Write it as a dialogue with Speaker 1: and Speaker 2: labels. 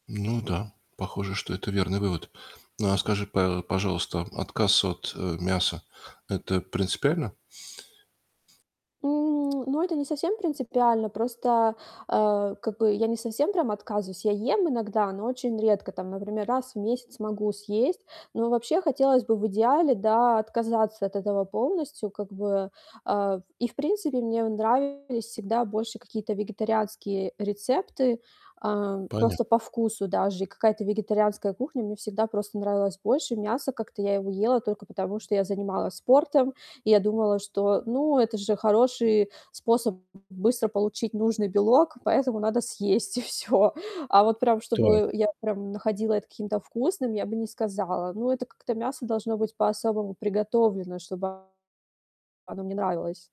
Speaker 1: Ну да, похоже, что это верный вывод. Ну, а скажи, па пожалуйста, отказ от, э, мяса- это принципиально?
Speaker 2: М, ну, это не совсем принципиально. Просто, э, как бы, я не совсем прям отказываюсь. Я ем иногда, но очень редко. Там, например, раз в месяц могу съесть. Но вообще хотелось бы в идеале, да, отказаться от этого полностью, как бы. Э, и, в принципе, мне нравились всегда больше какие-то вегетарианские рецепты. А,
Speaker 1: Понятно.
Speaker 2: просто по вкусу даже и какая-то вегетарианская кухня мне всегда просто нравилась больше. Мясо- как-то я его ела только потому, что я занималась спортом, и я думала, что, ну, это же хороший способ быстро получить нужный белок, поэтому надо съесть- и всё. А вот прям
Speaker 1: Так.
Speaker 2: чтобы я прям находила это каким-то вкусным, я бы не сказала. Ну, это как-то мясо должно быть по-особому приготовлено, чтобы оно мне нравилось.